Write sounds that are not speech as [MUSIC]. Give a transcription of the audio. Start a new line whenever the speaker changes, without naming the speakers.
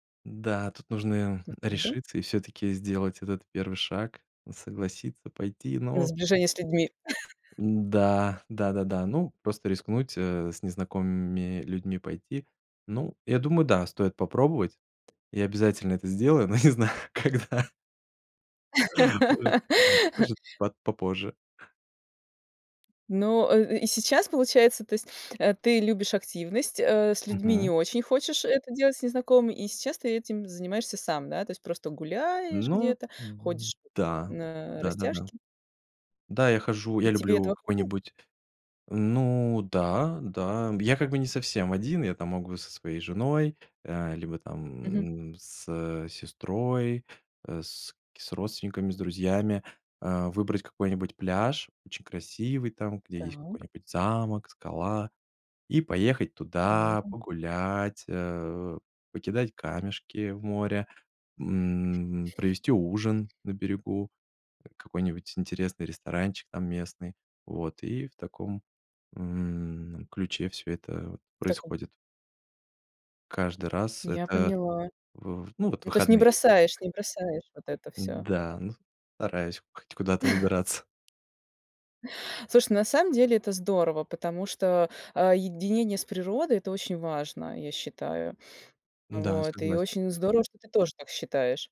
Да, тут нужно, м,
[UNINTELLIGIBLE]
решиться и всё-таки сделать этот первый шаг, согласиться, пойти,
На
ну
сближение с людьми. [CHUCKLES]
Да, да-да-да. Ну, просто рискнуть, э, с незнакомыми людьми пойти. Ну, я думаю, да, стоит попробовать. Я обязательно это сделаю, но не знаю когда. Может
[LAUGHS]
может по попозже.
Но, э, и сейчас получается, то есть, э, ты любишь активность, э, с людьми не
Мгм.
очень хочешь это делать, с незнакомыми, и сейчас ты этим занимаешься сам. Да, то есть просто гуляешь
Ну
где-то, ходишь
да,
на
да-да-да.
растяжки.
Да, я хожу
И
я
тебе
люблю
этого хватает?
какой-нибудь Ну да, да, я как бы не совсем один, я, там, могу со своей женой, э, либо
Мгм.
там, м, с сестрой, э, с с родственниками, с друзьями, э, выбрать какой-нибудь пляж, очень красивый, там, где есть
Так.
какой-нибудь замок, скала, и поехать туда,
Во.
погулять, э, покидать камешки в море, м, провести ужин на берегу, какой-нибудь интересный ресторанчик там местный. Вот, и в таком, м, ключе всё это вот
В таком
происходит. Каждый раз.
Я
Это
поняла.
в ну вот,
Ну, то есть не
выходные, вот.
бросаешь не бросаешь вот это всё.
Да, ну, стараюсь хоть куда-то
[CHUCKLES]
выбираться.
Слушай, на самом деле это здорово, потому что, э, единение с природой- это очень важно, я считаю.
Да,
Вот, и
согласен.
очень здорово, что ты тоже так считаешь.